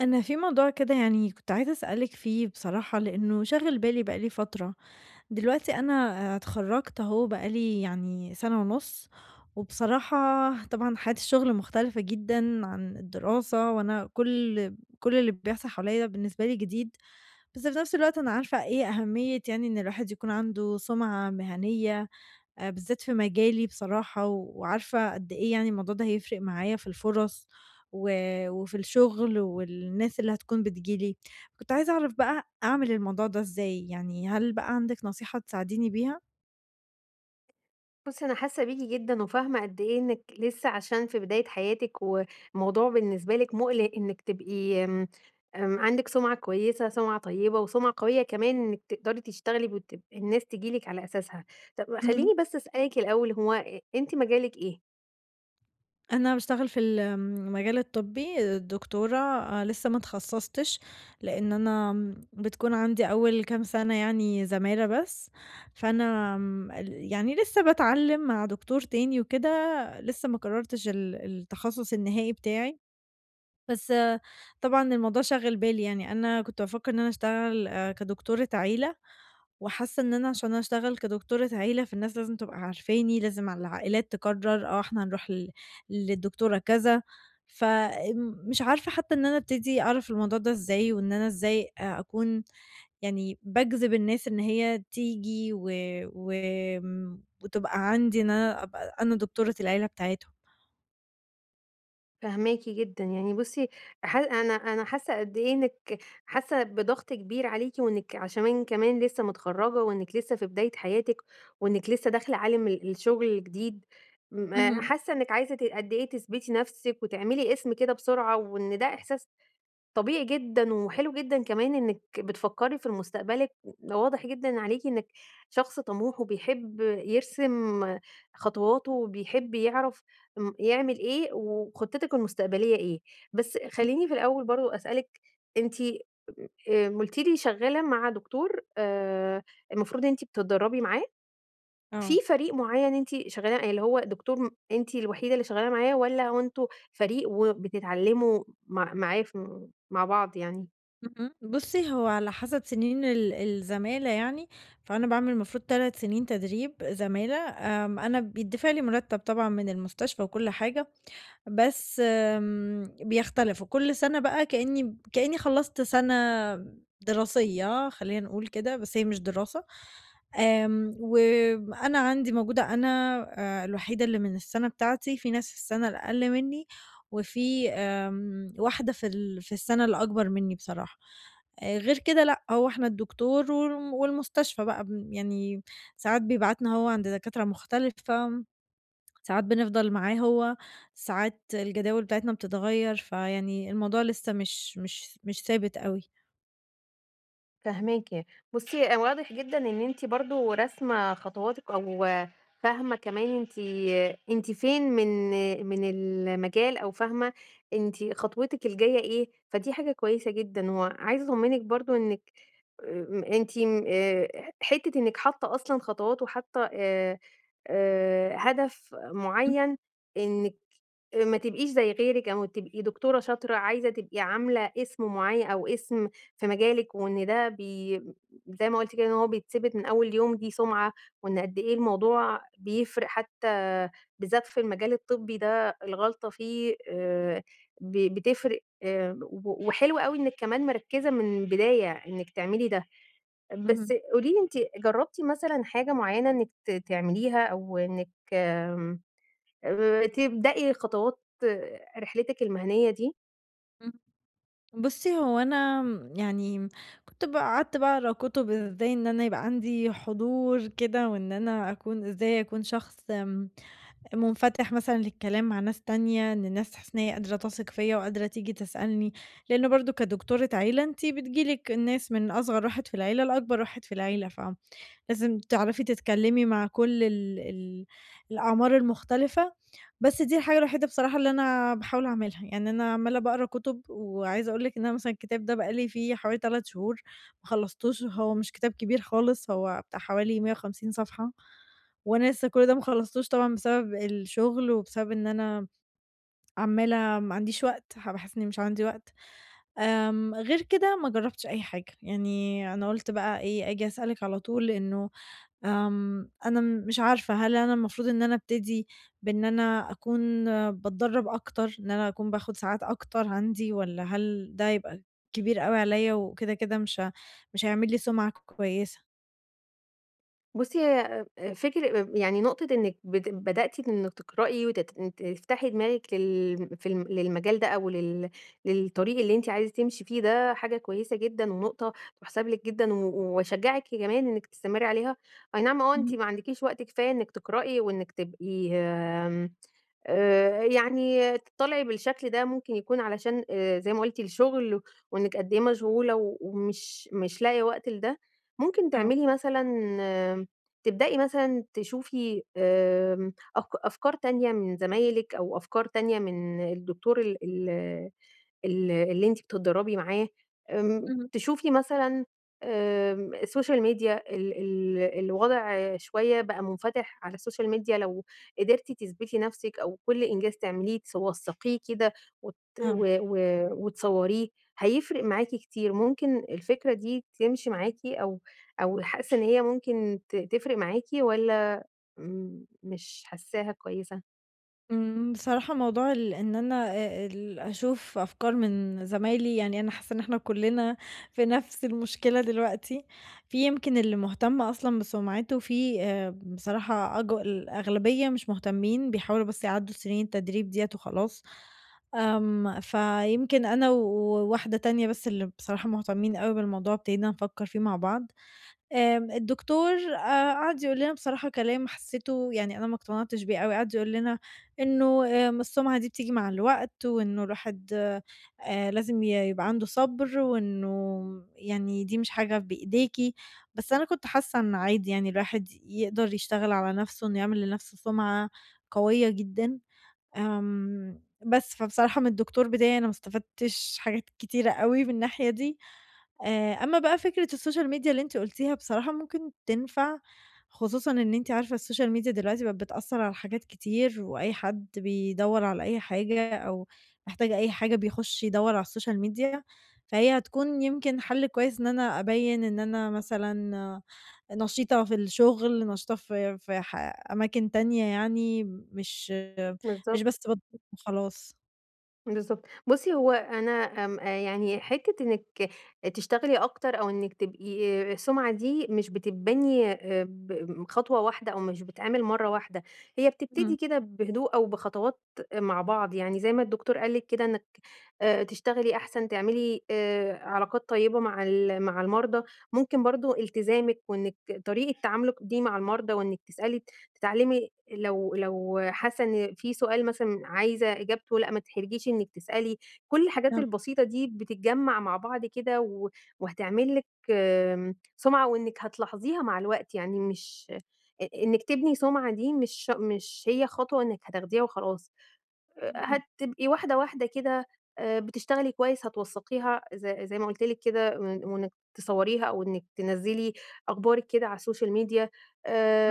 أنا في موضوع كده يعني كنت عايزة أسألِك فيه بصراحة لأنّه شاغل بالي بقى لي فترة، دلوقتي أنا آآ اتخرجت أهو بقى لي يعني سنة ونص وبصراحة طبعًا حياة الشُّغل مختلفة جدًا عن الدراسة وأنا كل كل اللي بيحصل حواليَّ بالنسبة لي جديد، بس في نفس الوقت أنا عارفة إيه أهمية يعني إن الواحد يكون عنده سُمعة مهنية بالذات في مجالي بصراحة وعارفة قد إيه يعني الموضوع ده هيفرق معايا في الفرص و وفي الشغل والناس اللي هتكون بتيجي لي، كنت عايزة أعرف بقى أعمل الموضوع ده إزاي؟ يعني هل بقى عندِك نصيحة تساعديني بيها؟ بُصي أنا حاسّة بيكِ جدًا وفاهمة قد إيه إنِّك لسه عشان في بداية حياتِك والموضوع بالنسبة لِك مُقلِق إنِّك تبقي آمم، آمم عندِك سمعة كويسة سمعة طيبة وسمعة قوية كمان إنِّك تقدري تشتغلي وتب الناس تيجي لِك على أساسها، طب اهم. خلّيني بس أسألِك الأول هو إ أنتِ مجالِك إيه؟ أنا بأشتغل في ال آمم مجال الطبّي، دكتورة آآ لسّه ما اتخصصتش، لأن أنا آمم بتكون عندي أوّل كام سنة يعني زمالة بس، فأنا آمم ال يعني لسّه باتعلم مع دكتور تاني وكده لسّه ما قررتش ال التخصص النهائي بتاعي، بس طبعًا الموضوع شاغل بالي يعني أنا كنت بافكر إن أنا أشتغل كدكتورة عيلة وحاسّة إن أنا عشان أشتغل كدكتورة عيلة فالناس لازم تبقى عارفاني لازم ع العائلات تقرر آه إحنا هنروح ل للدكتورة كذا فآمم مش عارفة حتّى إن أنا أبتدي أعرف الموضوع ده إزاي؟ وإن أنا إزاي آآ أكون يعني بأجذب الناس إن هي تييجي و وآمم وتبقى عندي إن أنا أبقى أنا دكتورة العيلة بتاعتهم؟ فاهماكِ جدًا، يعني بُصّي ح أنا أنا حاسة قد إيه إنِّك حاسة بضغط كبير عليكِ، وإنِّك عشمان كمان لسه متخرجة، وإنِّك لسه في بداية حياتِك، وإنِّك لسه داخلة عالم ال الشغل جديد، م اهم. حاسة إنِّك عايزة ت قد إيه تثبتي نفسِك وتعملي اسم كده بسرعة، وإن ده إحساس طبيعي جدًا، وحلو جدًا كمان إنِّك بتفكري في ال مستقبلِك. و واضح جدًا عليكِ إنِّك شخص طموح، وبيحب يرسم خطواته، وبيحب يعرف امم يعمل إيه، وخطتِك المستقبلية إيه، بس [unintelligible] خليني في الأول برضه أسألِك، أنتِ آآ قُلتِ لي شغالة مع دكتور آآ المفروض أنتِ بتتدربي معاه؟ في آه. فريق معيّن أنتِ شغال يعني اللي هو دكتور أنتِ الوحيدة اللي شغال معاه، والّا هو أنتم فريق وبتتعلموا مع معاه في مع بعض يعني؟ اهم، بُصّي هو على حسب سنين ال الزمالة يعني، فأنا باعمل المفروض 3 سنين تدريب زمالة، آمم أنا بيتدفع لي مرتب طبعًا من المستشفى وكل حاجة، بس آمم بيختلف، وكل سنة بقى كأني كأني خلّصت سنة دراسية خلينا نقول كده، بس هي مش دراسة، آمم وأنا عندي موجودة أنا آآ الوحيدة اللي من السنة بتاعتي، في ناس في السنة الأقل مني، وفي آآ واحدة في ال في السنة الأكبر مني بصراحة، آآ غير كده لأ، هو إحنا الدكتور والم والمستشفى بقى ب يعني ساعات بيبعتنا هو عند دكاترة مختلفة، ساعات بنفضل معاه هو، ساعات الجداول بتاعتنا بتتغيّر، فيعني الموضوع لسه مش مش مش ثابت أوي. فاهماكِ. بصّي. واضح جدًا إن أنتِ برضه راسمة خطواتِك، أو فاهمة كمان أنتِ أنتِ فين من من المجال، أو فاهمة أنتِ خطوِتِك الجاية إيه؟ فدي حاجة كويسة جدًا. وعايزة أطمّنِك برضه آآ إنِّك أ أنتِ ن آآ ح حتّة إنِّك حاطّة أصلًا خطوات، وحاطّة آآ آآ هدف إمم. معيّن إنِّك ما تبقيش زي غيرِك، أو تبقي دكتورة شاطرة عايزة تبقي عاملة اسم معيّن، أو اسم في مجالِك، وإن ده بي زي ما قُلتِ كده، إن هو بيثِبت من أول يوم، دي سُمعَة. وإن قد إيه الموضوع بيفرق حتّى بالذات في المجال الطبّي ده الغلطة فيه آآ ب بتفرق، و وحلو أوي إنِّك كمان مِركّزة من البداية، إنِّك تعملي ده. بس اهم. قولي لي، أنتِ جرّبتِ مثلًا حاجة معيّنة إنِّك ت تعمليها، أو إنِّك آمم آآ تبدأي خطوات رحلِتِك المِهَنية دي؟ إمم. بُصّي، هو أنا م يعني م كنت بقى قعدت بقى أقرا كُتب، إزاي إن أنا يبقى عندي حضور كده، وإن أنا أكون إزاي أكون شخص م مُنفَتح مثلًا للكلام مع ناس تانية، إن الناس حاسّة إن هي قادرة تَثِق فيّا، وقادرة تيجي تسألني. لإن برضه كدكتورة عيلة، أنتِ بتييجي لِك ناس من أصغر واحد في العيلة، لأكبر واحد في العيلة. ف لازم تعرفي تتكلّمي مع كُل ال ال الأعمار المختلفة. بس دي الحاجة الوحيدة بصراحة اللي أنا باحاول أعملها. يعني أنا عمّالة باقرا كُتب، وعايزة أقول لِك، إن أنا مثلًا الكتاب ده بقى لي فيه حوالي 3 شهور ما خلصتوش، وهو مش كتاب كبير خالص، هو بتاع حوالي 150 صفحة، وأنا لسّه كُل ده ما خلصتوش طبعًا، بسبب الشغل، وبسبب إن أنا عمّالة ما عنديش وقت ح باحس إنّي مش عندي وقت. آمم غير كده، ما جرّبتش أي حاجة. يعني أنا قُلت بقى إيه، أجي أسألِك على طول إنه آمم أنا م مش عارفة، هل أنا المفروض إن أنا ابتدي بإن أنا أكون باتدرّب أكتر، إن أنا أكون باخُد ساعات أكتر عندي، والّا هل ده يبقى كبير أوي عليّا، وكده، كده مش ه مش هيعمل لي سُمعَة ك كويسة؟ بُصي هيّ أ فكر أ يعني نقطة إنّك بت بدأتِ إنِك تقرئي وتت إن تفتحي دماغِك لل في ال للمجال ده أو لل للطريق اللي أنتِ عايزة تمشي فيه ده حاجة كويّسة جدًا ونقطة تُحسب لِك جدًا و واشجّعِك كمان إنّك تستمري عليها، أي نعم آه أنتِ إمم. ما عندِكيش وقت كفاية إنّك تقرئي وإنّك تبقي آمم آآ يعني تضطلعي بالشكل ده ممكن يكون علشان زي ما قلتِ الشغل وإنِك قد إيه مشغولة ومش مش لاقيه وقت لِده، ممكن آه. تعملي مثلًا تبدئي مثلًا تشوفي آآ أف أفكار تانية من زمايلِك أو أفكار تانية من الدكتور ال ال ال اللي أنتِ بتتدربي معاها آمم إمم. تشوفي مثلًا آمم السوشيال ميديا ال ال الوضع شويّة بقى مُنفتح على السوشيال ميديا لو قدرتِ تثبتي نفسك أو كل إنجاز تعمليه تس توثقيه كده وت و آه. و وتصوريه هيفرق معاكِ كتير، ممكن الفكرة دي تمشي معاكِ أو أو حاسّة إن هيّ ممكن ت تفرق معاكِ والّا أمم مش حاسّاها كويّسة؟ آمم، بصراحة موضوع ال إن أنا آآ، ال أشوف أفكار من زمايلي يعني أنا حاسَّة إن إحنا كلنا في نفس المشكلة دلوقتي، في يمكن اللي مهتم أصلًا بسمعته في آآ، بصراحة أج الأغلبية مش مهتمين، بيحاولوا بس يعدُّوا سنين التدريب ديَّة وخلاص. آمم، فيمكن أنا وواحدة تانية بس اللي بصراحة مهتمين أوي بالموضوع ابتدينا نفكَّر فيه مع بعض. آمم، الدكتور آآ، قعد يقول لنا بصراحة كلام حسِّيته يعني أنا ما اقتنعتش بيه أوي، قعد يقول لنا إنُّه آآ، السُّمعة دي بتيجي مع الوقت، وإنُّه الواحد آآ، لازم ي يبقى عنده صبر، وإنُّه يعني دي مش حاجة بإيديكِ، بس أنا كنت حاسَّة إنُّه عادي يعني الواحد يقدر يشتغل على نفسه إنُّه يعمل لنفسه سمعة قويَّة جدًا. آمم، بس فبصراحة من الدكتور بتاعي أنا ما استفدتش حاجات كتيرة أوي من الناحية دي. آآ، أمَّا بقى فكرة السوشيال ميديا اللي أنتِ قلتيها بصراحة ممكن تنفع، خصوصًا إن أنتِ عارفة السوشيال ميديا دلوقتي بقت بتأثَّر على حاجات كتير، وأي حد بيدوَّر على أي حاجة، أو محتاج أي حاجة بيخش يدوَّر على السوشيال ميديا، فهي هتكون يمكن حل كويس إن أنا أبيِّن إن أنا مثلًا نشيطة في الشغل، نشيطة في في ح أماكن تانية يعني مش مش بالضبط. بس باتدرب وخلاص. بالضبط، بُصي هو أنا آمم يعني حتّة إنِك تشتغلي أكتر، أو إنِك تبقي السُمعة دي مش بتتبني آآ، ب خطوة واحدة أو مش بتتعمل مرة واحدة، هي إمم. بتبتدي كده بهدوء أو بخطوات مع بعض، يعني زي ما الدكتور قال لِك كده، آآ، إنِك آآ، تشتغلي أحسن، تعملي آآ، علاقات طيّبة مع ال مع المرضى، ممكن برضو التزامِك وإنِك طريقة تعاملِك دي مع المرضى، وإنك تسألي، تتعلمي، لو لو حاسة إن في سؤال مثلًا عايزة إجابته، لأ، ما تتحرجيش إنِك تسألي، كل الحاجات [unintelligible] البسيطة دي بتتجمع مع بعض كده و وهتعمل لِك آمم سُمعة، وإنِك هتلاحظيها مع الوقت، يعني مش إ إنِك تبني سُمعة دي مش مش هي خطوة إنِك هتاخديها وخلاص، اهم. هتبقي واحدة واحدة كده، آآ، بتشتغلي كويس، هتوثقيها زي زي ما قلت لِك كده، وإن وإنِك تصوريها أو إنِك تنزّلي أخبارِك كده على السوشيال ميديا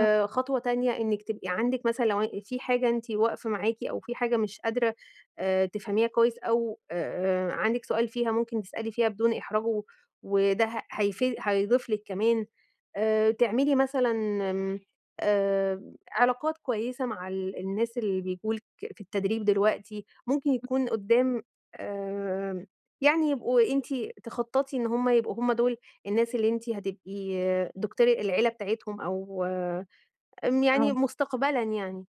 آه. خطوة تانية إنك تبقى عندِك مثلًا لو في حاجة أنتِ واقفة معاكِ أو في حاجة مش قادرة آآ، تفهميها كويس أو آآ، عندِك سؤال فيها، ممكن تسألي فيها بدون إحراج، و وده ه هيفيد هيضيف لِك كمان. آآ، تعملي مثلًا إمم، آآ، علاقات كويسة مع ال الناس اللي بييجوا لِك في التدريب دلوقتي، ممكن [unintelligible] يكون قدّام آآ، يعني يبقوا أنتِ تخططي إن هُم يبقوا هُم دول الناس اللي أنتِ هتبقي دكتورة العيلة بتاعتهم، أو آمم يعني آه. مستقبلًا يعني،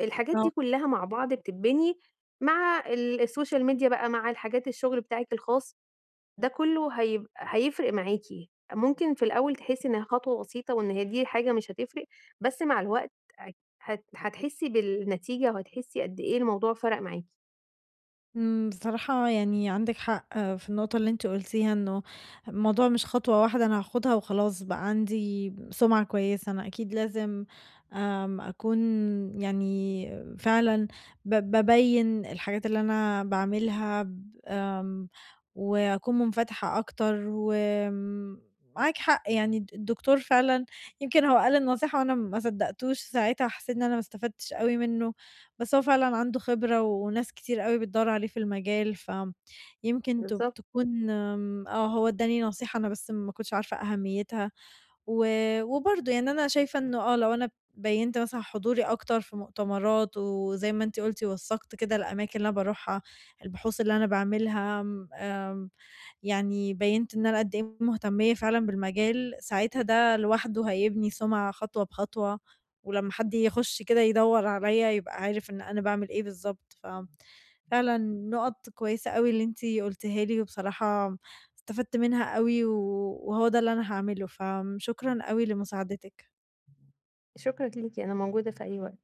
الحاجات دي آه. كلها مع بعض بتتبني مع ال السوشيال ميديا بقى، مع الحاجات الشغل بتاعِك الخاص، ده كله هيب هيفرق معاكِ، ممكن في الأول تحسي إنها خطوة بسيطة وإن هي دي حاجة مش هتفرق، بس مع الوقت هت هت هتحسي بالنتيجة وهتحسي قدّ إيه الموضوع فرَق معاكِ. إمم، بصراحة يعني عندِك حق في النقطة اللي أنتِ قلتيها، إنه الموضوع مش خطوة واحدة أنا هاخدها وخلاص بقى عندي سمعة كويسة، أنا أكيد لازم آمم، أكون يعني فعلًا ب بابيّن الحاجات اللي أنا باعملها ب آمم، وأكون منفتحة أكتر، وم معاكِ حق يعني، الد الدكتور فعلًا يمكن هو قال النصيحة وأنا ما صدقتوش ساعتها، حسيت إن أنا ما استفدتش أوي منه، بس هو فعلًا عنده خبرة، وناس كتير أوي بتدوّر عليه في المجال. فآمم، يمكن ت بالضبط. تكون آمم، هو اداني نصيحة، أنا بس ما كنتش عارفة أهميتها، و وبرضو يعني أنا شايفة إنه آه، لو أنا بيّنت مثلًا حضوري أكتر في مؤتمرات، وزي ما أنتِ قُلتِ وثقت كده الأماكن اللي أنا باروحها، البحوث اللي أنا باعملها، آمم، يعني بيّنت إن أنا قدّ إيه مهتمية فعلًا بالمجال، ساعتها ده لوحده هيبني سمعة خطوة بخطوة، ولمّا حد يخش كده يدوّر عليَّ يبقى عارف إن أنا باعمل إيه بالضبط. ف فعلًا نقط كويسة أوي اللي أنتِ قُلتيها لي، وبصراحة استفدت منها أوي، و وهو ده اللي أنا هاعمله، فشكرًا أوي لمساعدتِك. شكرًا ليكِ، أنا موجودة في أي وقت.